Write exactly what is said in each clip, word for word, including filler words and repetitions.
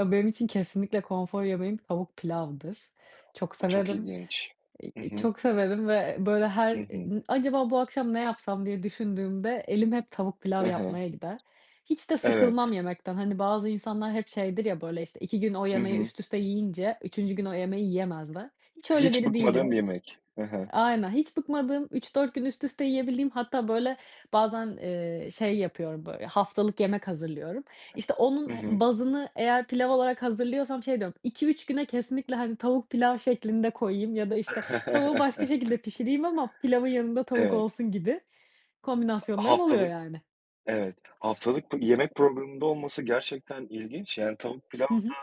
Ya, benim için kesinlikle konfor yemeğim tavuk pilavdır. Çok Bu çok severim, ilginç! iii, Hı hı. çok severim ve böyle Hı her, hı. ııı, "Acaba bu akşam ne yapsam?" diye düşündüğümde elim hep tavuk Hı pilav hı. yapmaya gider. Hiç de sıkılmam Evet. yemekten. Hani, bazı insanlar hep şeydir ya, böyle, işte, iki gün o Hı yemeği hı. üst üste yiyince üçüncü gün o yemeği yiyemezler. Hiç öyle Hiç biri bıkmadığın değilim. bir yemek. Hı E hı. aynen. Hiç bıkmadığım, üç dört gün üst üste yiyebildiğim, hatta böyle bazen, eee, şey yapıyorum, bö haftalık yemek hazırlıyorum. İşte, Hı onun he hı. bazını eğer pilav olarak hazırlıyorsam şey diyorum: "iki üç güne kesinlikle hani, tavuk pilav şeklinde koyayım ya da işte, tavuğu başka şekilde pişireyim ama pilavın yanında tavuk Evet. olsun," gibi kombinasyonlarım oluyor, Haftalık, yani. evet, haftalık bu yemek programında olması gerçekten ilginç, yani. Tavuk pilav Hı hı. da,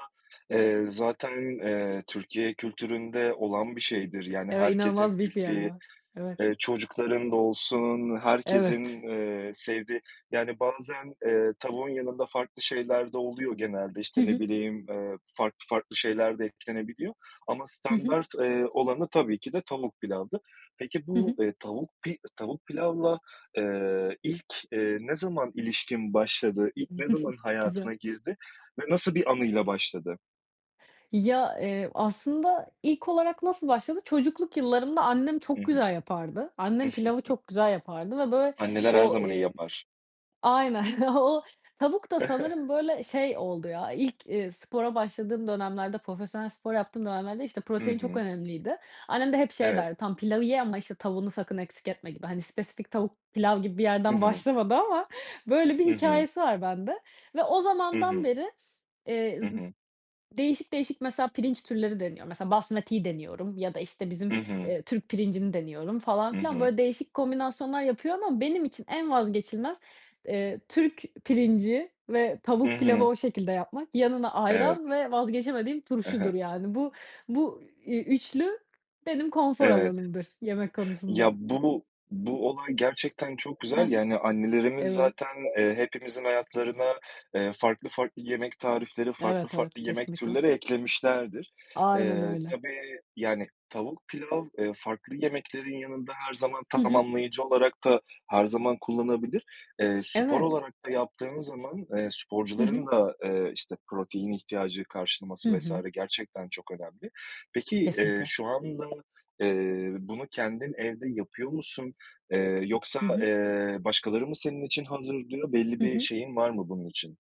eee, zaten, eee, Türkiye kültüründe olan bir şeydir, yani, Eve inanılmaz herkesin büyük bir yer bildiği, var. Evet. eee, çocukların da olsun, Evet. herkesin, eee, sevdiği, yani, bazen, eee, tavuğun yanında farklı şeyler de oluyor genelde. Hı İşte, ne hı. bileyim, eee, farklı farklı şeyler de eklenebiliyor ama Hı hı. standart, eee, olanı tabii ki de tavuk pilavdır. Peki Hı bu, hı. ııı, tavuk pi tavuk pilavla, eee, ilk, eee, ne zaman ilişkin başladı, ilk ne zaman Güzel. hayatına girdi ve nasıl bir anıyla başladı? Ya, eee, aslında ilk olarak nasıl başladı? Çocukluk yıllarımda annem Hı çok hı. güzel yapardı. Annem pilavı çok güzel yapardı ve böyle Anneler her o, zaman iyi eee yapar. Aynen. O tavuk da sanırım böyle şey oldu ya, ilk, iii, spora başladığım dönemlerde, profesyonel spor yaptığım dönemlerde, işte, Hı protein çok hı. önemliydi. Annem de hep şey Evet. derdi: "Tamam, pilavı ye ama işte, tavuğunu sakın eksik etme," gibi. Hani, spesifik tavuk pilav gibi bir Hı yerden hı. başlamadı ama böyle bir Hı hı. hikâyesi var bende. Ve o Hı zamandan hı. beri, eee, Hı z hı. değişik değişik, mesela, pirinç türleri deniyorum. Mesela, Basmati'yi deniyorum ya da işte, bizim, Hı hı. eee, Türk pirincini deniyorum falan Hı filan. hı. Böyle değişik kombinasyonlar yapıyorum ama benim için en vazgeçilmez, eee, Türk pirinci ve Hı tavuk pilavı hı. o şekilde yapmak. Yanına ayran Evet. ve vazgeçemediğim I hı. turşudur, yani, bu, iii, ü üçlü benim konfor Evet. alanımdır yemek Ya, konusunda. bunu, bu olay gerçekten çok He güzel, ya, he. hani, annelerimiz Evet. zaten, eee, hepimizin hayatlarına, eee, farklı farklı yemek tarifleri, farklı Evet, farklı evet. yemek Kesinlikle! türleri eklemişlerdir. Aynen, Eee, öyle. tabii, yani, tavuk pilav, eee, farklı yemeklerin yanında her zaman Hı hı. tamamlayıcı olarak da her zaman kullanabilir. Eee, spor Evet. olarak da yaptığın zaman, eee, Hı hı. sporcuların da, eee, işte, protein ihtiyacı Hı karşılaması vs. hı. gerçekten çok önemli. Peki, eee, Kesinlikle! şu anda, eee, bunu kendin evde yapıyor musun, eee, yoksa, Hı hı. eee, başkaları mı senin için hazırlıyor, belli Hı bir hı. şeyin var mı bunun için?